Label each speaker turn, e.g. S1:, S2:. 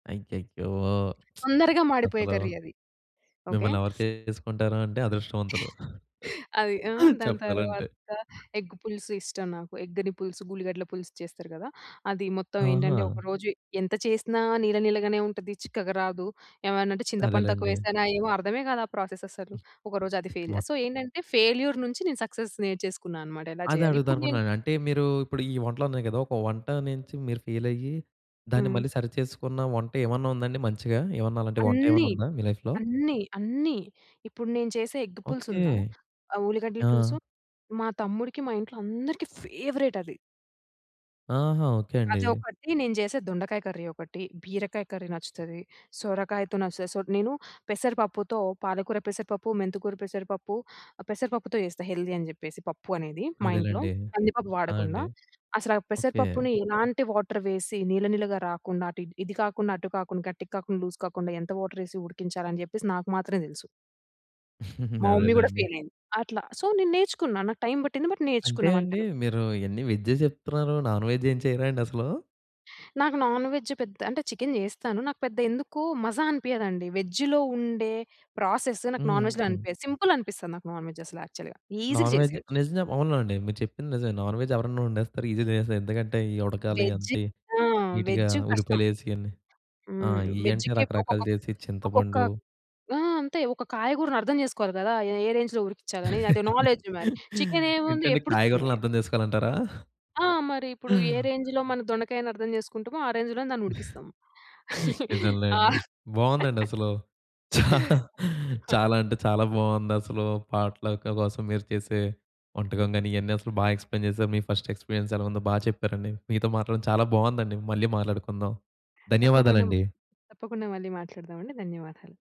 S1: అయ్యయ్యో!
S2: తొందరగా మాడిపోయే
S1: అసలు
S2: కర్రీ అది. ఓకె.
S1: మిమ్మల్ని ఎవరు చేసుకుంటారు అంటే అదృష్టవంతులు.
S2: అది ఆ! దాని
S1: చెప్పాలంటే.
S2: తరువాత ఎగ్ పులుసు ఇష్టం. నాకు ఎగ్‌ని పులుసు, ఉల్లిగడ్డల పులుసు చేస్తారు గదా! అది మొత్తం ఏంటంటే,
S1: ఆహా!
S2: ఒకరోజు ఎంత చేసినా నీళ్ల నీళ్లగానే ఉంటది. చిక్కగా రాదు. ఏమన్నా అంటే చింతపండు
S1: అదేలెండి.
S2: తక్కువేశానా ఏమో అర్థమే గాదు, ఆ ప్రాసెస్ అసలు.
S1: హ్మ్,
S2: ఒకరోజు అది ఫెయిల్.
S1: మొత్
S2: సో, ఏంటంటే, ఫెయిల్యూర్ నుంచి నేను సక్సెస్ నేర్చేసుకున్నా అన్నమాట. ఎలా
S1: అదే
S2: చేయాలి?
S1: అడుగుదాం
S2: ఇప్పుడు నేను
S1: అనుకుంటున్నాను. అంటే, మీరు ఇప్పుడు ఈ వంటలున్నాయి గదా! ఒక వంట నుంచి మీరు ఫెయిల్ అయ్యి, దాన్ని
S2: హ్మ్.
S1: మళ్లీ సరి చేసుకున్న వంట ఏమన్నా ఉందా అండి? మంచిగా. ఏవన్నా అలాంటి వంట
S2: అన్నీ.
S1: ఏవన్నా ఉందా మీ లైఫ్‌లో?
S2: అన్నీ. అన్నీ. ఇప్పుడు నేను చేసే ఎగ్ పులుసు
S1: ఓకే.
S2: ఉందా? ఆ ఉల్లిగడ్డల
S1: ఆ!
S2: పులుసు మా తమ్ముడికి, మా ఇంట్లో అందరికీ ఫేవరెట్ అది.
S1: ఆహా! ఓకే అండి.
S2: అది ఒకటి. నేను చేసే దొండకాయ కర్రీ ఒకటి, బీరకాయ కర్రీ నచ్చుతది, సొరకాయతో నచ్చుతది. సో, నేను పెసరపప్పుతో పాలకూర, పెసరపప్పు, మెంతికూర పెసరపప్పు, పెసరపప్పుతో చేస్తా. హెల్దీ అని చెప్పేసి పప్పు అనేది మా ఇంట్లో
S1: అదేలెండి.
S2: కందిపప్పు
S1: ఆ!
S2: వాడకుండా.
S1: అండి.
S2: అసలు ఆ
S1: ఓకే.
S2: పెసరపప్పుని ఎలాంటి వాటర్ వేసి, నీళ్ల నీళ్లగా రాకుండా, అటు ఇది కాకుండా, అటు కాకుండా, గట్టికి కాకుండా, లూజ్ కాకుండా ఎంత వాటర్ వేసి ఉడికించాలని చెప్పేసి నాకు మాత్రమే తెలుసు. మా మమ్మీ కూడా
S1: అదేలెండి.
S2: ఫెయిల్ అయింది. అట్లా. సో, నేను నేర్చుకున్నా. నాకు టైమ్ పట్టింది. బట్
S1: అంటే
S2: నేర్చుకున్న
S1: అండి
S2: వంటలు.
S1: మీరు ఇవన్ని వెజ్జే చెప్తున్నారు. నాన్‌వెజ్ ఏం చేయరా అండి అసలూ?
S2: నాకు నాన్‌వెజ్ పెద్ద అంటే చికెన్ చేస్తాను. నాకు పెద్ద ఎందుకు మజా అనిపియ్యదండి. వెజ్‌లో ఉండే ప్రాసెస్ నాకు నాన్‌వెజ్‌లో
S1: హుహు.
S2: అనిపియదు. సింపుల్ అనిపిస్తది నాకు నాన్‌వెజ్ అసలు యాక్చువల్‌గా. ఈసీగా
S1: నాన్‌వెజ్
S2: చేసేయొచ్చు.
S1: నిజం చెప్పు అవును అండి. మీరు చెప్పింది నిజమే. నాన్‌వెజ్ ఎవరన్నా వండేస్తారు. ఈజీగా తినేస్తారు. ఎందుకంటే, ఈ ఉడకాలి
S2: వెజ్
S1: అంత
S2: ఆ!
S1: నీట్‌గా,
S2: వెజ్ కష్టం.
S1: ఉల్లిపాయలు వేసి, ఇవన్నీ ఆ!
S2: హ్మ్.
S1: ఇవి అంటే
S2: వెజ్‌కి
S1: రకరకాలు
S2: ఒక్కొక్క,
S1: చేసి,
S2: ఒక్కొక్క
S1: చింతపండు
S2: ఆ! అంతే. ఒక కాయగూరని అర్థం చేసుకోవాలి గదా! ఏ ఏ రేంజ్‌లో ఉడికించాలి? అది నాలెడ్జ్. మరి చికెన్ ఏముంది?
S1: ఏంటండి
S2: ఎప్పుడు చికెనే.
S1: కాయగూరలను అర్థం జేసుకోవాలంటారా?
S2: ఆ! మరి ఇప్పుడు ఏ రేంజ్‌లో మనం దొండకాయని అర్థం చేసుకుంటామో, ఆ రేంజ్‌లోనే దాన్ని ఉడికిస్తాం.
S1: నిజంలేండి. బావుందండి అసలు. చా
S2: [unintelligible]
S1: చాలా అంటే చాలా బావుందసలు. పాట్‌లక్ కోసం మీరు చేసే వంటకం గానీ, ఇవన్నీ అసలు బాగా ఎక్స్‌ప్లెయిన్ చేశారు. మీ ఫస్ట్ ఎక్స్‌పీరియన్స్ ఎలా ఉందో బాగా చెప్పారండి. మీతో మాట్లాడడం చాలా బావుందండి. మళ్లీ మాట్లాడుకుందాం.
S2: తప్పకుండ మ్
S1: ధన్యవాదాలండి.
S2: తప్పకుండా మళ్ళీ మాట్లాడదామండి. ధన్యవాదాలు.